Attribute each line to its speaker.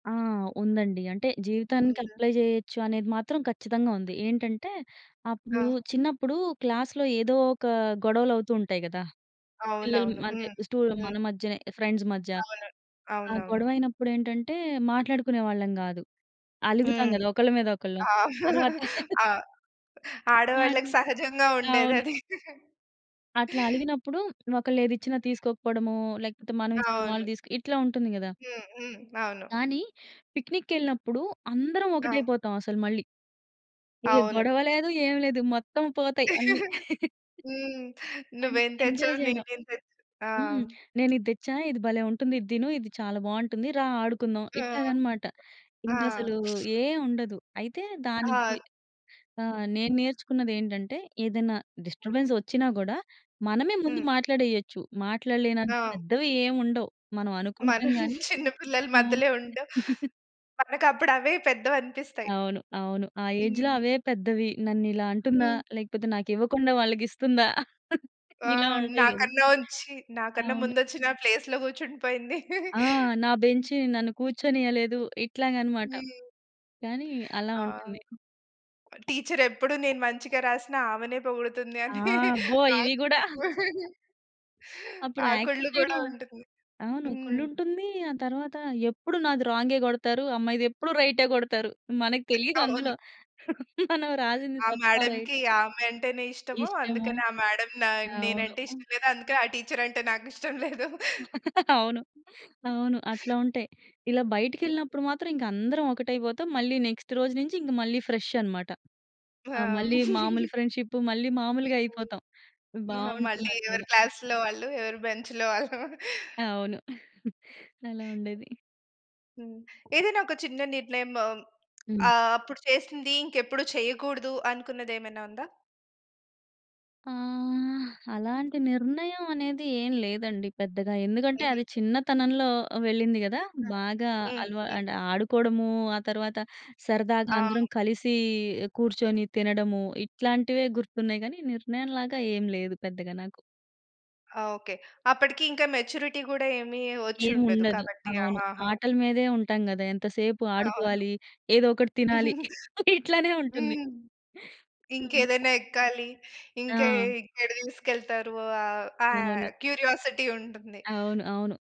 Speaker 1: ఆ! ఉందండి. అంటే, జీవితానికి
Speaker 2: హుహు.
Speaker 1: అప్లై జేయొచ్చు అనేది మాత్రం ఖచ్చితంగా ఉంది. ఏంటంటే అప్పుడు
Speaker 2: ఆ!
Speaker 1: చిన్నప్పుడు క్లాస్‌లో ఏదో ఒక గొడవలవుతూ ఉంటాయి గదా! పిల్లలు
Speaker 2: అవునవును.
Speaker 1: అంటే
Speaker 2: హ్మ్.
Speaker 1: స్టు మన
Speaker 2: హ్మ్.
Speaker 1: మధ్యనే ఫ్రెండ్స్ మధ్య.
Speaker 2: అవును.
Speaker 1: ఆ
Speaker 2: అవునవును.
Speaker 1: గొడవయినప్పుడేంటంటే, మాట్లాడుకునే వాళ్ళం గాదు. అలుగుతాం
Speaker 2: హ్మ్.
Speaker 1: గదా! ఒకళ్ళ మీద ఒకళ్ళం.
Speaker 2: ఆ!
Speaker 1: తర్వాత
Speaker 2: ఆ ఆడవాళ్ళకి
Speaker 1: మాట్లా
Speaker 2: సహజంగా
Speaker 1: అవును.
Speaker 2: ఉండేదది.
Speaker 1: అట్లా అలిగినప్పుడు ఒకళ్ళేది ఇచ్చిన
Speaker 2: హ్మ్.
Speaker 1: తీసుకోకపోవడము, లేకపోతే మనం ఇస్తే
Speaker 2: అవును.
Speaker 1: వాళ్ళు తీసుక్ ఇట్లా ఉంటుంది గదా!
Speaker 2: హ్మ్, హ్మ్. అవును.
Speaker 1: కానీ, పిక్నికెళ్ళినప్పుడు అందరం
Speaker 2: ఆ!
Speaker 1: ఒకటైపోతాం అసలు మళ్ళీ. ఏ
Speaker 2: అవును.
Speaker 1: గొడవ లేదు, ఏమి లేదు మొత్తం పోతాయి అన్ని.
Speaker 2: హ్మ్. నువ్వేం
Speaker 1: ఎంజాయ్
Speaker 2: తెచ్చావు,
Speaker 1: జేయడం.
Speaker 2: నేనేం తెచ్ ఆ!
Speaker 1: హ్మ్. నేనిది దెచ్చా, ఇది భలే ఉంటుంది, ఇది తిను ఇది చాలా బావుంటుంది రా ఆడుకుందాం
Speaker 2: ఆ!
Speaker 1: ఇట్లాగన్నమాట.
Speaker 2: ఆ!
Speaker 1: ఇంకసలు ఏముండదు. అయితే దానికి
Speaker 2: ఆ!
Speaker 1: ఆ! నేను నేర్చుకున్నదేంటంటే, ఏదైనా డిస్టర్బెన్స్ వచ్చినా కూడా మనమే ముందు
Speaker 2: హ్మ్.
Speaker 1: మాట్లాడేయచ్చు. మాట్లాడలేనంత
Speaker 2: ఆ!
Speaker 1: పెద్దవి ఏమి ఉండవు. మనం అనుకుంటాం
Speaker 2: మనం
Speaker 1: గాని
Speaker 2: చిన్న పిల్లల
Speaker 1: అవును.
Speaker 2: మధ్యలో ఉండం, మనకప్పుడు అవే పెద్దవనిపిస్తాయి.
Speaker 1: అవును, అవును. ఆ ఏజ్‌లో
Speaker 2: హ్మ్.
Speaker 1: అవే పెద్దవి. నన్నిలా అంటుందా
Speaker 2: హ్మ్.
Speaker 1: లేకపోతే నాకివ్వకుండా వాళ్ళకిస్తుందా.
Speaker 2: ఆ!
Speaker 1: ఇలా ఉంటాయి గదా!
Speaker 2: నాకనోంచ్చి నాకన్నా
Speaker 1: అవును.
Speaker 2: ముందొచ్చి నా ప్లేస్‌లో కూర్చుండిపోయింది.
Speaker 1: ఆ! నా బెంచి నన్ను కూర్చొనియలేదు ఇట్లాగనమాట.
Speaker 2: హ్మ్.
Speaker 1: కానీ అలా
Speaker 2: ఆ!
Speaker 1: ఉంటుంది.
Speaker 2: టీచరెప్పుడు నేను మంచిగా రాసినా, ఆమెనే పొగుడుతుంది
Speaker 1: ఆ!
Speaker 2: అని
Speaker 1: అబ్బో!
Speaker 2: ఆ
Speaker 1: ఇవి గూడా.
Speaker 2: కు
Speaker 1: అప్పుడు
Speaker 2: ఆ కుళ్లు
Speaker 1: యాక్సెప్ట్
Speaker 2: గూడా
Speaker 1: చేయడం,
Speaker 2: ఉంటుంది.
Speaker 1: అవును
Speaker 2: హ్మ్.
Speaker 1: కుళ్ళుంటుంది. ఆ తరువాత ఎప్పుడు నాది రాం‌గే కొడతారు, ఆ అమ్మాయిదేప్పుడు రై‌టే కొడతారు మనకు తెలియదు
Speaker 2: అవును.
Speaker 1: అందులో. మనం రాసింది
Speaker 2: ఆ
Speaker 1: తప్పా, రైట్
Speaker 2: మేడం‌కి ఆమె అంటేనే ఇష్టము.
Speaker 1: ఇష్టము.
Speaker 2: అందుకని ఆ మేడం‌ నా
Speaker 1: అవును.
Speaker 2: నేనంటే ఇష్టం లేదు అందుకని ఆ టీచర్ అంటే నాకిష్టం లేదు.
Speaker 1: అవును, అవును. అట్లా ఉంటాయి. ఇలా బయటికెళ్ళినప్పుడు మాత్రం ఇంక అందరం ఒకటైపోతాం. మళ్ళీ నెక్స్ట్ రోజు నుంచి మళ్ళీ ఫ్రెష్ అన్నమాట. ఆహ్,
Speaker 2: ఆ!
Speaker 1: మళ్ళీ మాములు ఫ్రెండ్షిప్ మళ్ళీ
Speaker 2: హ్మ్.
Speaker 1: మామూలుగైయిపోతాం
Speaker 2: ఆహా! మళ్ళి ఎవరి
Speaker 1: బావుంటుందండి.
Speaker 2: క్లాస్‌లో వాళ్ళు, ఎవరి బెంచ్‌లో వాళ్ళు.
Speaker 1: అవును. అలా ఉండేది.
Speaker 2: హ్మ్. ఏదైనా ఒక చిన్న నిర్ణయం
Speaker 1: హ్మ్.
Speaker 2: ఆహ్, అప్పుడు చేసింది ఇంకెప్పుడు చేయకూడదు అనుకున్నదేమైనా ఉందా?
Speaker 1: ఆహ్, అలాంటి నిర్ణయం అనేది ఏం లేదండి, పెద్దగా. ఎందుకంటే, అది
Speaker 2: హుహుహు.
Speaker 1: చిన్నతనంలో వెళ్ళింది గదా!
Speaker 2: ఆ!
Speaker 1: బాగా అలవా
Speaker 2: హుహు.
Speaker 1: అంటే ఆడుకోవడము ఆ తర్వాత సరదాగా
Speaker 2: ఆ!
Speaker 1: అందరం కలిసి కూర్చొని తినడము, ఇట్లాంటివే గుర్తున్నాయి గానీ నిర్ణయం లాగా ఏం లేదు పెద్దగా నాకు.
Speaker 2: ఓకే. అప్పటికి ఇంకా మెచ్యూరిటీ కూడా ఏమి వచ్చుండదు
Speaker 1: ఏముండదు.
Speaker 2: కాబట్టి
Speaker 1: అవును.
Speaker 2: ఆహాహా!
Speaker 1: ఆటల మీదే ఉంటాం గదా! ఎంతసేపు
Speaker 2: అవును.
Speaker 1: ఆడుకోవాలి ఏదో ఒకటి తినాలి ఇట్లనే ఉంటుంది.
Speaker 2: హ్మ్. ఇంకేదైనా ఎక్కాలి. ఇంకా
Speaker 1: ఆ!
Speaker 2: ఎక్కడ తీసుకెళ్తారు? ఆహ్, ఆ
Speaker 1: అవును.
Speaker 2: క్యూరియాసిటీ ఉంటుంది.
Speaker 1: అవును, అవును.